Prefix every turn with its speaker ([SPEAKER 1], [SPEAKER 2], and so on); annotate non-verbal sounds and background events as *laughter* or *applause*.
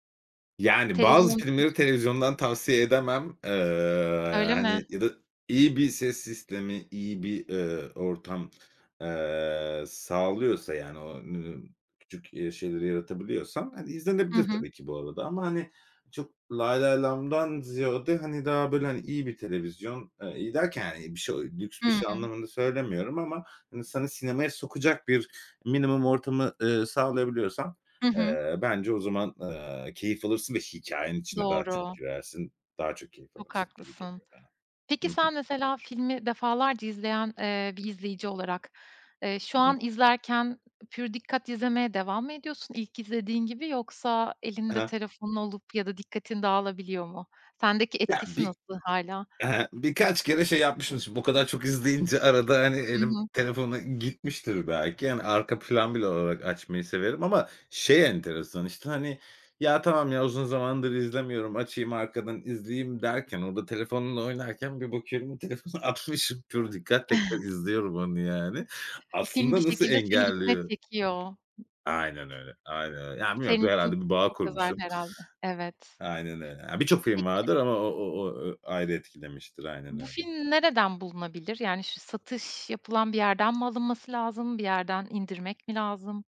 [SPEAKER 1] Yani, bazı
[SPEAKER 2] Televizyon, hı
[SPEAKER 1] filmleri
[SPEAKER 2] hı.
[SPEAKER 1] televizyondan tavsiye edemem, ııı,
[SPEAKER 2] Öyle mi?
[SPEAKER 1] hani, ya da iyi bir ses sistemi, iyi bir, ııı, ortam, ııı, sağlıyorsa, yani, o n küçük, eee, şeyleri yaratabiliyorsan, hani,
[SPEAKER 2] Hı
[SPEAKER 1] izlenebilir
[SPEAKER 2] hı.
[SPEAKER 1] tabii ki bu arada ama, hani, çok lay lay lamdan ziyade, hani, daha, böyle, hani, iyi bir televizyon, eee, iyi derken, bir şe o lüks bir şey
[SPEAKER 2] Hımm.
[SPEAKER 1] anlamında söylemiyorum ama insanı sinemaya sokacak bir minimum ortamı, ııı, sağlayabiliyorsan,
[SPEAKER 2] Hı hı.
[SPEAKER 1] eee, bence o zaman, eee, keyif alırsın ve hikâyenin içine daha çok
[SPEAKER 2] Doğru.
[SPEAKER 1] girersin, daha çok keyif
[SPEAKER 2] Çok
[SPEAKER 1] alırsın gibi
[SPEAKER 2] haklısın.
[SPEAKER 1] geliyor bana.
[SPEAKER 2] Peki,
[SPEAKER 1] Hı hı.
[SPEAKER 2] sen, mesela, filmi defalarca izleyen, eee, bir izleyici olarak, eee, şu
[SPEAKER 1] Hı hı.
[SPEAKER 2] an izlerken, pür dikkat izlemeye devam mı ediyorsun ilk izlediğin gibi, yoksa
[SPEAKER 1] Ha
[SPEAKER 2] elinde
[SPEAKER 1] ha.
[SPEAKER 2] telefonun olup ya da dikkatin dağılabiliyor mu? Sendeki
[SPEAKER 1] Ya,
[SPEAKER 2] etkisi
[SPEAKER 1] bir
[SPEAKER 2] nasıl hâlâ?
[SPEAKER 1] ehe, birkaç kere şey yapmışım şimdi bu kadar çok izleyince. Arada, hani,
[SPEAKER 2] Hı
[SPEAKER 1] elim
[SPEAKER 2] hı.
[SPEAKER 1] telefona gitmiştir belki. Hani, arka plan bile olarak açmayı severim ama şey enteresan, işte, hani, ya tamam ya, uzun zamandır izlemiyorum, açayım, arkadan izleyeyim derken orada telefonla oynarken bir bakıyorum o telefonu atmışım. Pür dikkat tekrar
[SPEAKER 2] *chuckles*
[SPEAKER 1] izliyorum onu, yani.
[SPEAKER 2] E, film bir
[SPEAKER 1] Aslında nasıl
[SPEAKER 2] şekilde seni içine
[SPEAKER 1] engelliyor?
[SPEAKER 2] çekiyor.
[SPEAKER 1] Aynen öyle. Aynen öyle. Ya, bilmiyorum,
[SPEAKER 2] Senin
[SPEAKER 1] du
[SPEAKER 2] için
[SPEAKER 1] herhâlde bir bağ
[SPEAKER 2] çok özel
[SPEAKER 1] kurmuşum.
[SPEAKER 2] herhâlde. Evet.
[SPEAKER 1] Aynen öyle. Ya, birçok film
[SPEAKER 2] Peki
[SPEAKER 1] vardır ama o o o ııı, ayrı etkilemiştir. Aynen
[SPEAKER 2] Bu
[SPEAKER 1] öyle.
[SPEAKER 2] film nereden bulunabilir, yani, şu satış yapılan bir yerden mi alınması lazım, bir yerden indirmek mi lazım?